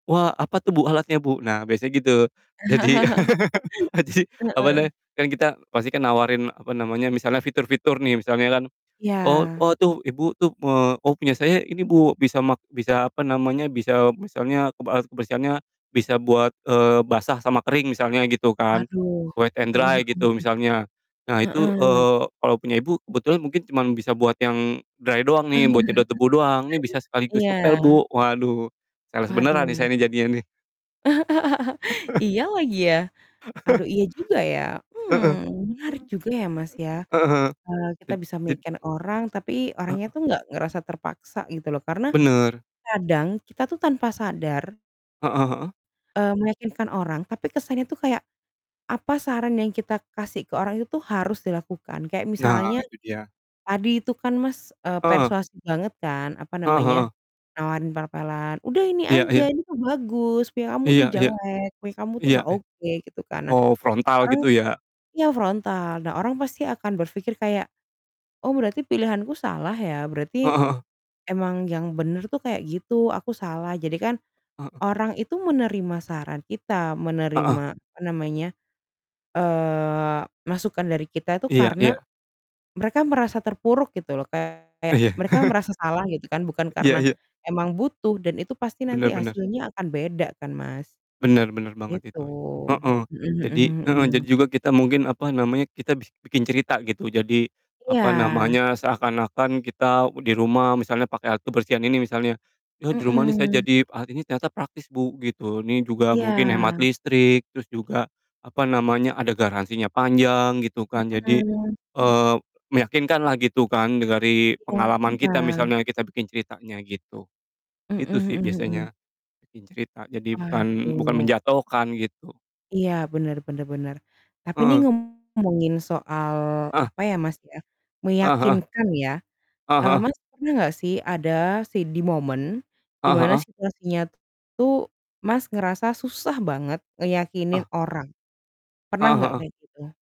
"Wah apa tuh, Bu, alatnya, Bu?" Nah biasanya gitu. Jadi adi, apa namanya, Heeh. kan kita pasti kan nawarin, apa namanya, misalnya fitur-fitur nih misalnya kan, “Oh Iya. oh, tuh Ibu tuh, eee, oh punya saya ini, Bu. Bisa mak bisa apa namanya, bisa "misalnya, "kebe kebersihannya bisa buat, eee, basah sama kering misalnya,” gitu kan. Waduh. Wet and Heeh dry heeh gitu heeh. misalnya. Nah itu, Heeh. eee, "Kalau punya Ibu kebetulan mungkin cuman bisa buat yang dry doang nih, buat nyedot debu doang. Nih bisa sekaligus ngepel, Iya. Bu." Waduh, sales beneran nih saya Waduh. nih jadinya nih. Iya lagi ya? Aduh, iya juga ya. Hmm, Heeh. menarik juga ya, Mas, ya. Heeh heeh, Eee, e kita bisa jad meyakinkan orang, tapi orangnya Heeh. tuh nggak ngerasa terpaksa gitu loh. Karena Bener. kadang kita tuh tanpa sadar Heeh heeh. eee, meyakinkan orang tapi kesannya itu kayak, apa saran yang kita kasih ke orang itu tuh harus dilakukan. Kayak Nah, misalnya itu dia. tadi itu kan, Mas, eee, Heeh. persuasif banget, kan, apa Heeh namanya, heeh. nawarin pel-pelan, “Udah ini Iya iya. aja, ini kan bagus punya kamu Iya tuh iya. jelek, punya kamu tuh Iya, nggak eh. oke,” gitu kan. Nah, Oh, frontal orang gitu ya. ya frontal. Nah orang pasti akan berpikir kayak, “Oh berarti pilihanku salah ya, berarti Heeh heeh. emang yang bener tuh kayak gitu, aku salah.” Jadi kan Heeh. orang itu menerima saran kita, Heeh. menerima apa namanya, eee, masukan dari kita itu Iya karena iya. mereka merasa terpuruk gitu loh. Iya. Kayak mereka merasa salah gitu kan, bukan Iya karena iya. emang butuh dan itu pasti nanti Bener bener. hasilnya akan beda kan, Mas. Bener bener banget Gitu. itu. Heeh. Mhm Jadi mhm heeh, jadi mhm. juga kita mungkin, apa namanya, kita bi bikin cerita gitu. Jadi, apa Iya. namanya, seakan-akan kita di rumah misalnya pakai alat kebersihan ini misalnya. “Ya. di rumah nih saya Mhm. jadi alat ini ternyata praktis, Bu,” gitu. “Ini juga mungkin hemat Iya. listrik, terus juga, apa namanya, ada garansinya panjang,” gitu kan. Jadi, Mhm. eee, meyakinkanlah gitu kan dengari pengalaman kita [unintelligible] misalnya kita bikin ceritanya gitu. Mhm Itu sih mhm mhm. biasanya, bikin cerita. Jadi bukan bukan Waduh. menjatuhkan gitu. Iya, benar benar benar. Tapi ini Heeh. ngomongin soal Ah! apa ya, Mas, ya, Ah heeh. meyakinkan ya. Heeh Ah, heeh. Mas, pernah nggak sih, ada se di momen di Ah mana heeh. situasinya itu, Mas, ngerasa susah banget ngeyakinin Ah. orang, pernah Heeh nggak heeh. kayak gitu?